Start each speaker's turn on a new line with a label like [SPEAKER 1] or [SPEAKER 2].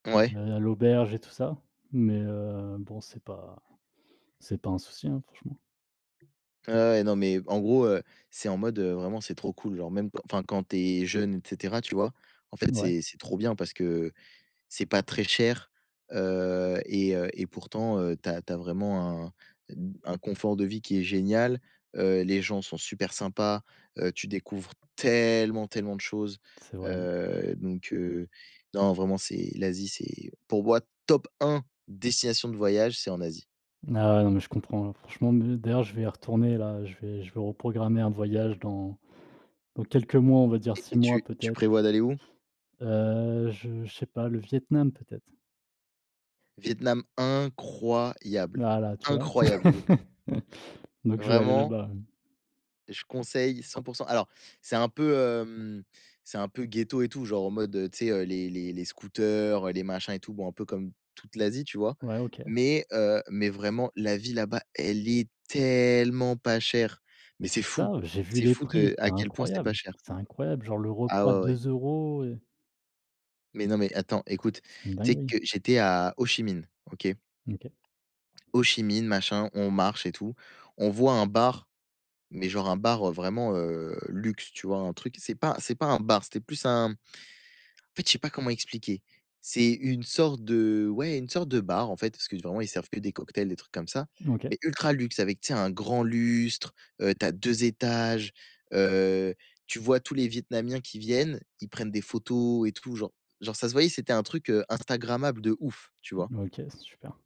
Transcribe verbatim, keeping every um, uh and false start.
[SPEAKER 1] Heu, on
[SPEAKER 2] Ouais.
[SPEAKER 1] est aller à l'auberge et tout ça mais heu, bon, c'est pas c'est pas un souci, hein, franchement.
[SPEAKER 2] Ouais, ouais, non, mais en gros, heu, c'est en mode, heu, vraiment c'est trop cool, genre même quand enfin quand tu es jeune et cetera, tu vois, en fait,
[SPEAKER 1] Mouais.
[SPEAKER 2] c'est c'est trop bien parce que c'est pas très cher, heu, et heu, et pourtant, heu, tu as tu as vraiment un d un confort de vie qui est génial, heu, les gens sont super sympas, heu, tu découvres tellement, tellement de choses,
[SPEAKER 1] C'est vrai mmh.
[SPEAKER 2] heu, donc heu, non vraiment c'est l'Asie, c'est pour moi top un destination de voyage, c'est en Asie.
[SPEAKER 1] Ah non, mais je comprends, franchement me d'ailleurs, je vais y retourner là, je vais je vais reprogrammer un voyage dans dans quelques mois, on va dire
[SPEAKER 2] Et
[SPEAKER 1] six
[SPEAKER 2] et
[SPEAKER 1] mois
[SPEAKER 2] tu tu
[SPEAKER 1] peut-être.
[SPEAKER 2] prévois d'aller où?
[SPEAKER 1] Heu, je je sais pas, le Vietnam peut-être.
[SPEAKER 2] Vietnam incroyable!
[SPEAKER 1] Voilà, tu vois?
[SPEAKER 2] Incroyable le Vietnam!
[SPEAKER 1] Donc je vais aller
[SPEAKER 2] Vraiment.
[SPEAKER 1] là-bas, mmh.
[SPEAKER 2] Je conseille cent pour cent. Alors c'est un peu, hem, c'est un peu ghetto et tout genre, en mode, tu sais, heu, les les les scooters, heu, les machins et tout bon, un peu comme toute l'Asie, tu vois?
[SPEAKER 1] Ouais, OK.
[SPEAKER 2] Mais heu, mais vraiment, la vie là-bas elle est tellement pas chère, mais
[SPEAKER 1] Mais
[SPEAKER 2] c'est
[SPEAKER 1] c'est
[SPEAKER 2] fou,
[SPEAKER 1] ça, j'ai vu
[SPEAKER 2] c'est
[SPEAKER 1] les
[SPEAKER 2] fou
[SPEAKER 1] prix,
[SPEAKER 2] de
[SPEAKER 1] c'est
[SPEAKER 2] à quel point c'est pas
[SPEAKER 1] incroyable,
[SPEAKER 2] cher.
[SPEAKER 1] c'est incroyable, genre le
[SPEAKER 2] Ah
[SPEAKER 1] repas
[SPEAKER 2] ouais, ouais.
[SPEAKER 1] deux euros et
[SPEAKER 2] Mais non, mais attends
[SPEAKER 1] C
[SPEAKER 2] écoute,
[SPEAKER 1] c'est une
[SPEAKER 2] tu sais
[SPEAKER 1] dinguerie.
[SPEAKER 2] que j'étais à Hô-Chi-Minh. OK?
[SPEAKER 1] OK.
[SPEAKER 2] Hô-Chi-Minh, machin, on marche et tout, on voit un bar, mais genre un bar, heu, vraiment, heu, luxe, tu vois, un truc, c'est pas c'est pas un bar, c'était plus un en fait, je sais pas comment expliquer, c'est une sorte de ouais, une sorte de bar, en fait, parce que vraiment ils servent que des cocktails, des trucs comme ça,
[SPEAKER 1] OK.
[SPEAKER 2] mais ultra luxe avec, tu sais, un grand lustre, heu, tu as deux étages, heu, tu vois, tous les vietnamiens qui viennent, ils prennent des photos et tout, genre genre ça se voyait, c'était un truc, heu, instagrammable de ouf, tu vois?
[SPEAKER 1] Mmh OK, super.